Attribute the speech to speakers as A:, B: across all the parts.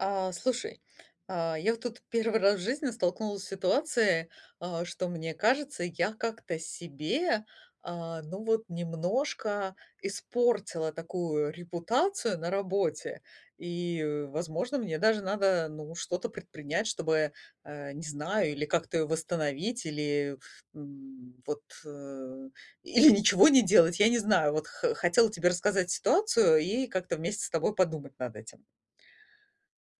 A: А, слушай, а, я вот тут 1 раз в жизни столкнулась с ситуацией, а, что мне кажется, я как-то себе, а, ну вот немножко испортила такую репутацию на работе. И, возможно, мне даже надо, ну, что-то предпринять, чтобы, а, не знаю, или как-то восстановить, или, м, вот, э, или ничего не делать. Я не знаю, вот х хотела тебе рассказать ситуацию и как-то вместе с тобой подумать над этим.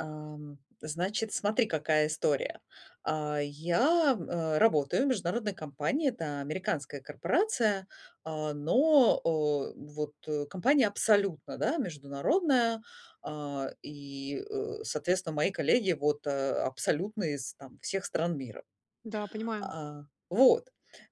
A: Ам, значит, смотри, какая история. А, я, э, работаю в международной компании, это американская корпорация, а, но, э, вот, э, компания абсолютно, да, международная, а, и, э, соответственно, мои коллеги вот, э, абсолютно из там всех стран мира,
B: Да, понимаю.
A: а, вот.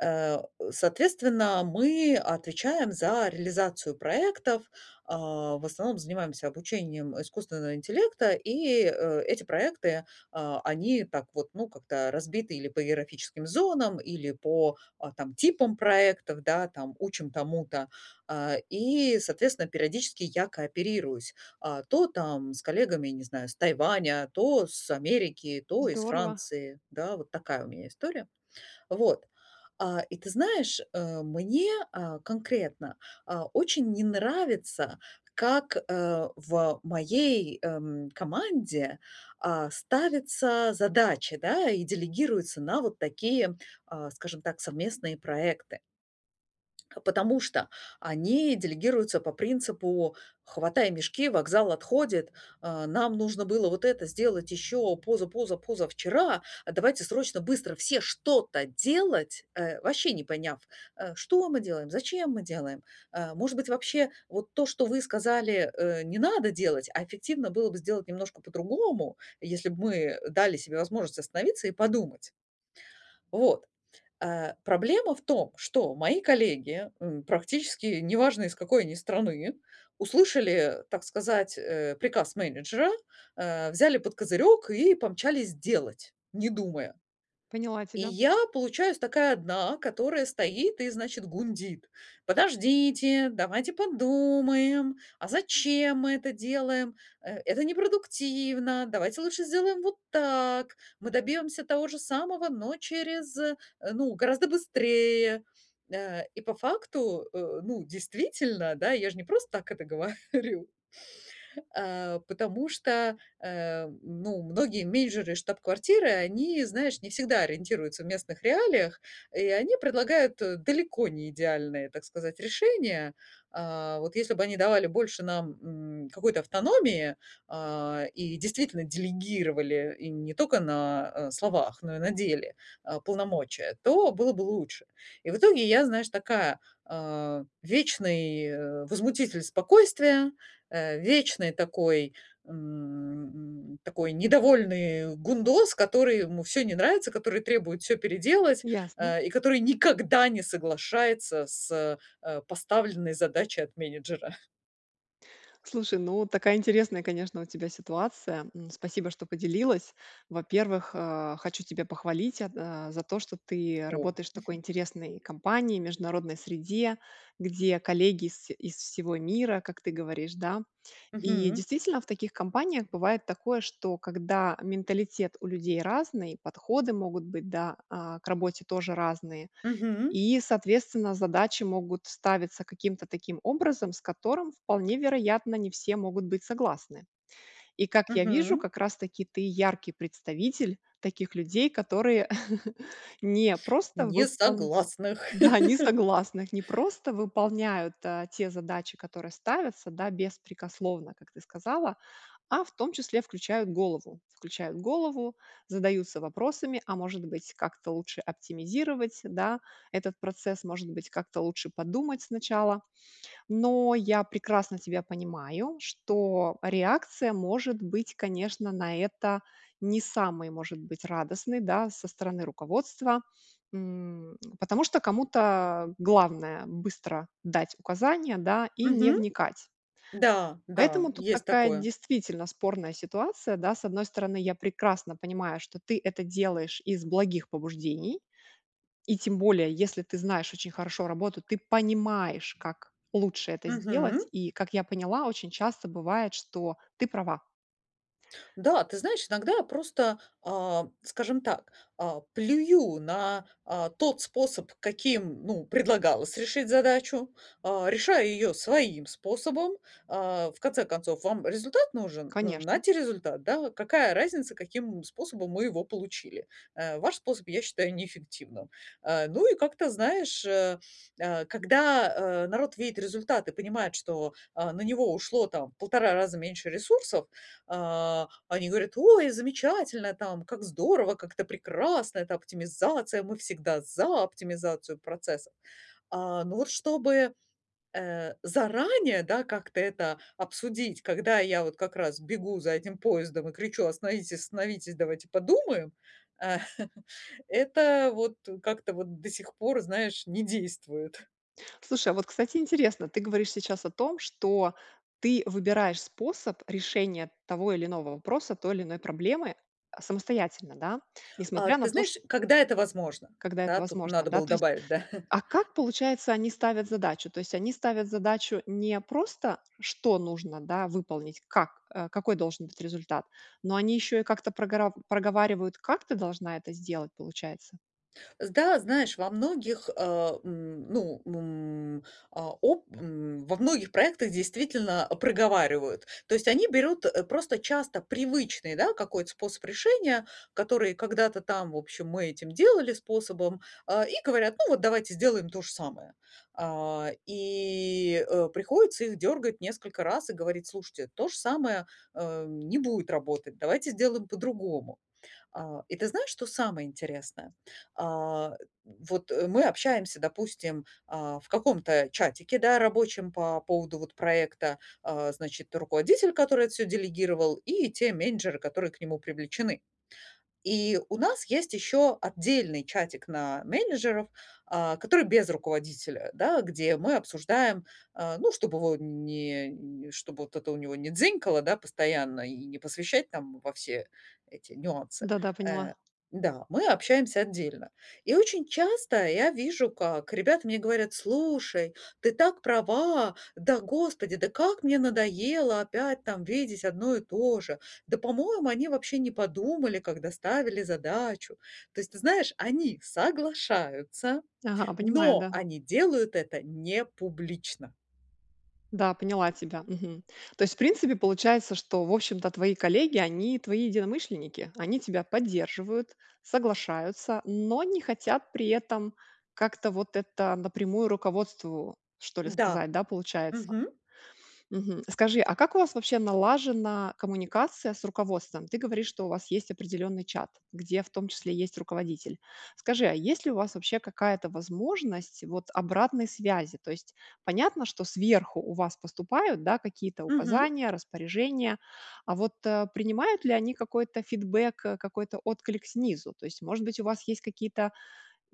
A: Э, соответственно, мы отвечаем за реализацию проектов, а, в основном занимаемся обучением искусственного интеллекта, и, э, эти проекты, а, они так вот, ну, как-то разбиты или по географическим зонам, или по, а, там типам проектов, да, там учим тому-то. А, и, соответственно, периодически я кооперируюсь, а, то там с коллегами, не знаю, с Тайваня, то с Америки, то из
B: Здорово!
A: Франции, да, вот такая у меня история. Вот, а, и ты знаешь, а, мне, а, конкретно, а, очень не нравится, как, э, в моей, эм, команде, а, ставятся задачи, да, и делегируются на вот такие, а, скажем так, совместные проекты. Потому что они делегируются по принципу "хватай мешки- вокзал отходит". А нам нужно было вот это сделать еще позапозапозавчера, "давайте, срочно, быстро все что-то делать!" Э, вообще не поняв, э, что мы делаем, зачем мы делаем? А, может быть вообще вот то, что вы сказали, э, не надо делать, а эффективно было бы сделать немножко по-другому, если бы мы, э, дали себе возможность остановиться и подумать. Вот, э, проблема в том, что мои коллеги, м, практически неважно из какой они страны, услышали, так сказать, э, приказ менеджера, э, взяли под козырек и помчались делать, не думая.
B: Поняла
A: И
B: тебя.
A: я получаюсь такая одна, которая стоит и значит гундит: "Подождите, давайте подумаем. А зачем мы это делаем? Э, это непродуктивно. Давайте лучше сделаем вот так. Мы добьемся того же самого, но через ну, гораздо быстрее". Э, и по факту, э, ну действительно, да, я же не просто так это говорю. А, потому что, э, ну, многие менеджеры из штаб-квартиры, они, знаешь, не всегда ориентируются в местных реалиях, и они предлагают далеко не идеальные, так сказать, решения. А, вот если бы они давали больше нам, м, какой-то автономии, а, и действительно делегировали и не только на, э, словах, но и на деле, а, полномочия, то было бы лучше. И в итоге я, знаешь, такая, а, вечный, э, возмутитель спокойствия, э, вечный такой, м, такой недовольный гундос, который ему всё не нравится, который требует всё переделать,
B: Ясно.
A: а, и который никогда не соглашается с, а, поставленной задачей от менеджера.
B: Слушай, ну такая интересная, конечно, у тебя ситуация. М, спасибо, что поделилась. Во-первых, а, хочу тебя похвалить, а, за то, что ты
A: О.
B: работаешь в такой интересной компании, международной среде, где коллеги из из всего мира, как ты говоришь, да. И,
A: Мгм.
B: действительно, в таких компаниях бывает такое, что когда менталитет у людей разный, подходы могут быть, да, а, к работе тоже разные.
A: Мгм.
B: И, соответственно, задачи могут ставиться каким-то таким образом, с которым, вполне вероятно, не все могут быть согласны. И, как я вижу,
A: Мгм.
B: как раз-таки ты яркий представитель таких людей, которые,, не просто выпол
A: Несогласных.
B: да, не согласных. Не просто выполняют, а, те задачи, которые ставятся, да, беспрекословно, как ты сказала. А в том числе включают голову. Включают голову, задаются вопросами: "А может быть, как-то лучше оптимизировать, да, этот процесс? Может быть, как-то лучше подумать сначала?" Но я прекрасно тебя понимаю, что реакция может быть, конечно, на это не самой, может быть, радостной, да, со стороны руководства. М, потому что кому-то главное быстро дать указания, да, и не
A: Мгм.
B: вникать.
A: Да, да.
B: Поэтому тут
A: Есть
B: такая,
A: такое.
B: действительно, спорная ситуация, да. С одной стороны, я прекрасно понимаю, что ты это делаешь из благих побуждений. И тем более, если ты знаешь очень хорошо работу, ты понимаешь, как лучше это
A: Мгм.
B: сделать. И, как я поняла, очень часто бывает, что ты права.
A: Да, ты знаешь, иногда просто, а, скажем так, а, плюю на, а, тот способ, каким, ну, предлагалось решить задачу, а, решая ее своим способом. А, в конце концов, вам результат нужен? Ну,
B: Конечно.
A: нате результат, да. Вот какая разница, каким способом мы его получили? Э, ваш способ я считаю неэффективным. Э, ну и как-то, знаешь, э, когда, э, народ видит результат и понимает, что, а, на него ушло там в 1,5 раза меньше ресурсов, э, они говорят: "Ой, замечательно!" Там, "Как здорово!". "Как это прекрасно!". "Это оптимизация!". "Мы всегда за оптимизацию процесса!" А, но вот чтобы, э, заранее, да, как-то это обсудить, когда я вот как раз бегу за этим поездом и кричу: "Остановитесь, остановитесь, давайте подумаем!" Э. Это вот как-то вот до сих пор, знаешь, не действует.
B: Слушай, а вот, кстати, интересно! Ты говоришь сейчас о том, что ты выбираешь способ решения того или иного вопроса, той или иной проблемы самостоятельно, да.
A: А
B: Несмотря на
A: ты
B: то, чт
A: знаешь, когда это возможно?
B: Когда это
A: Да, тут
B: возможно,
A: надо
B: да,
A: было
B: то есть.
A: добавить, да.
B: А как получается, они ставят задачу? То есть они ставят задачу не просто, что нужно, да, выполнить? Как, какой должен быть результат, но они еще и как-то прогорар проговаривают, как ты должна это сделать, получается.
A: С да, знаешь, во многих, э, м, ну, м, а, о м, во многих проектах, действительно, проговаривают. То есть, они берут, э, просто часто привычный, да, какой-то способ решения, который когда-то там в общем мы этим делали способом, а, и говорят: Ну, вот давайте сделаем то же самое. А, и, э, приходится их дёргать несколько раз и говорить: Слушайте, то же самое, э, не будет работать, давайте сделаем по-другому. А, и ты знаешь, что самое интересное? А, вот мы общаемся, допустим, а, в каком-то чатике, да, рабочем по поводу вот проекта, э, значит, руководитель, который это всё делегировал, и те менеджеры, которые к нему привлечены. И у нас есть еще отдельный чатик на менеджеров, а, который без руководителя, да, где мы обсуждаем, э, ну, чтоб его не н чтоб вот это у него не дзинькало, да, постоянно и не посвящать, там, во все эти нюансы.
B: Да-да, поняла.
A: Э, да, мы общаемся отдельно. И очень часто я вижу, как ребята мне говорят: Слушай, ты так права, да господи, да как мне надоело опять там видеть одно и то же. Да, по-моему, они вообще не подумали, когда ставили задачу. То есть, ты знаешь, они соглашаются,
B: Ага. Понимаю,
A: но
B: да.
A: они делают это непублично.
B: Да, поняла тебя. Мгм. То есть в принципе получается, что в общем-то твои коллеги они твои единомышленники, они тебя поддерживают, соглашаются, но не хотят при этом как-то вот это напрямую руководству что ли
A: Да.
B: сказать. Да, получается.
A: Мгм.
B: Мгм. Скажи, а как у вас вообще налажена коммуникация с руководством? Ты говоришь, что у вас есть определенный чат, где в том числе есть руководитель. Скажи, а есть ли у вас вообще какая-то возможность вот обратной связи? То есть понятно, что сверху у вас поступают, да, какие-то
A: Мгм.
B: указания, распоряжения, а вот, а, принимают ли они какой-то фидбэк, какой-то отклик снизу? То есть, может быть, у вас есть какие-то,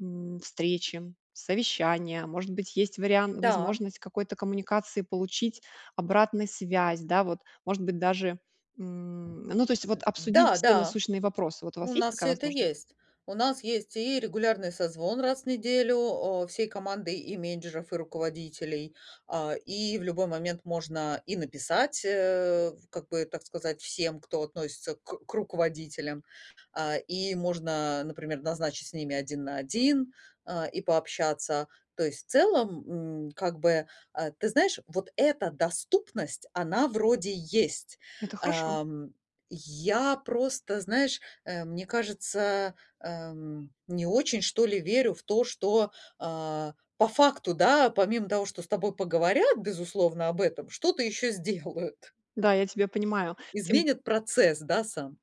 B: м, встречи, совещания, может быть есть вариан
A: Да.
B: возможность какой-то коммуникации получить обратный связь, да, вот. Может быть даже, м, ну, то есть обсудить вот все
A: Да-да.
B: насущные вопросы. Вот у
A: У
B: вас есть
A: нас
B: такая
A: всё это
B: возможность?
A: есть. У нас есть и регулярный созвон раз в неделю, а, всей командой, и менеджеров, и руководителей. А, и в любой момент можно и написать, э, как бы так сказать всем, кто относится к к руководителям. А, и можно, например, назначить с ними один на один, а, и пообщаться. То есть, в целом, м, как бы, э, ты знаешь, вот эта доступность она вроде есть.
B: Это хорошо.
A: Эм, я просто, знаешь, э, мне кажется, эм, не очень, что ли, верю в то, что, э, по факту, да, помимо того, что с тобой поговорят, безусловно, об этом, что-то еще сделают
B: Да, я тебя понимаю. Тем
A: ...изменят процесс, да, сам?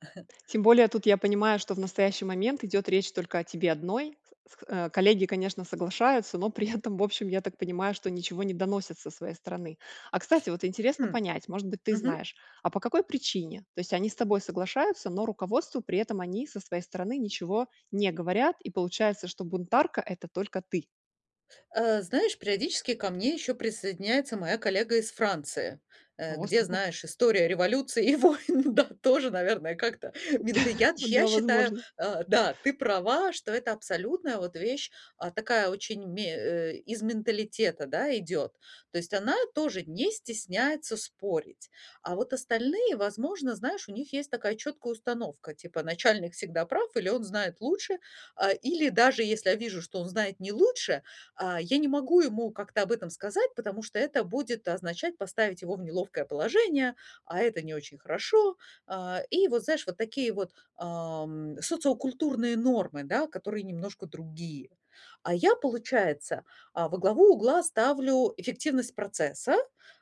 B: тем более тут я понимаю, что в настоящий момент идет речь только о тебе одной. С с коллеги, конечно, соглашаются, но при этом в общем я так понимаю, что ничего не доносят со своей стороны. А, кстати, вот интересно
A: Хм.
B: понять, может быть ты
A: Мгм.
B: знаешь, а по какой причине? То есть они с тобой соглашаются, но руководству при этом они со своей стороны ничего не говорят и получается что бунтарка это только ты.
A: Э, знаешь, периодически ко мне ещё присоединяется моя коллега из Франции, э,
B: О,
A: где,
B: супер!
A: знаешь, история революции и войн да тоже, наверное, как-то мента Я ты я
B: Да,
A: считаю,
B: возможно.
A: э да, ты права, что это абсолютная вот вещь, а такая очень ме э, из менталитета, да, идет. То есть она тоже не стесняется спорить. А вот остальные, возможно, знаешь, у них есть такая четкая установка, типа, начальник всегда прав или он знает лучше. А, или даже если я вижу, что он знает не лучше, а, я не могу ему как-то об этом сказать, потому что это будет означать поставить его в неловкое положение, а это не очень хорошо. А, и вот, знаешь, вот такие вот, ам, социокультурные нормы, да, которые немножко другие. А я, получается, а, во главу угла ставлю эффективность процесса,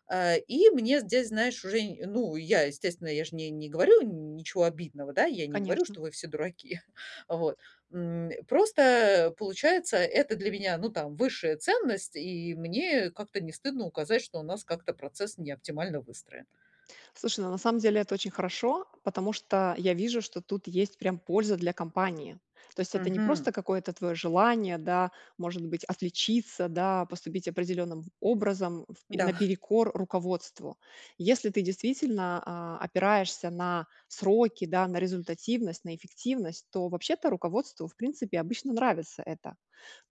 A: а, и мне здесь, знаешь, уже, а, ну, и я, естественно, я же не не говорю ничего обидного да, я не говорю,
B: Конечно.
A: что вы все дураки, вот, м. Просто, э, получается, это для меня ну там высшая ценность, и мне как-то не стыдно указать, что у нас как-то процесс не оптимально выстроен.
B: Слушай, ну на самом деле это очень хорошо, потому что я вижу, что тут есть прям польза для компании. То есть это не
A: Мгм.
B: просто какое-то твоё желание, да, может быть, отличиться, да, поступить определенным образом, в
A: Да.
B: наперекор руководству. Если ты действительно, а, опираешься на сроки, да, на результативность, на эффективность, то вообще-то руководству, в принципе, обычно нравится это.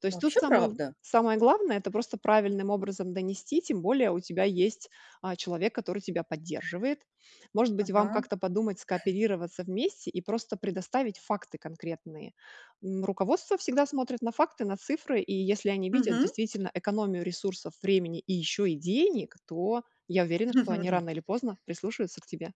B: То есть тут
A: Вообще,
B: самое
A: правда.
B: самое главное это просто правильным образом донести, тем более у тебя есть, а, человек, который тебя поддерживает. Может быть вам
A: Мгм.
B: как-то подумать, скооперироваться вместе и просто предоставить факты конкретные. М, руководство всегда смотрит на факты на цифры и если они видят
A: Мгм.
B: действительно экономию ресурсов, времени, и еще и денег, то я уверена, что они рано или поздно прислушаются к тебе.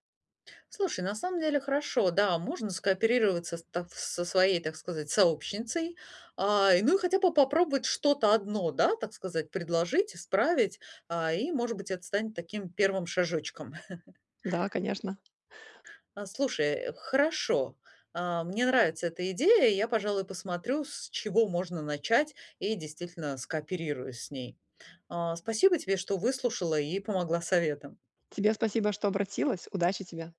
A: Слушай, на самом деле, хорошо. Да, можно скооперироваться с та в со своей, так сказать, сообщницей, а, и ну, и хотя бы попробовать что-то одно, да, так сказать, предложить, исправить, а, и, может быть, это станет таким 1 шажочком.
B: Да, конечно.
A: А, слушай, хорошо. А, мне нравится эта идея. И я, пожалуй, посмотрю, с чего можно начать, и, действительно, скооперируюсь с ней, а, спасибо тебе, что выслушала и помогла советом.
B: Тебе спасибо, что обратилась. Удачи тебе.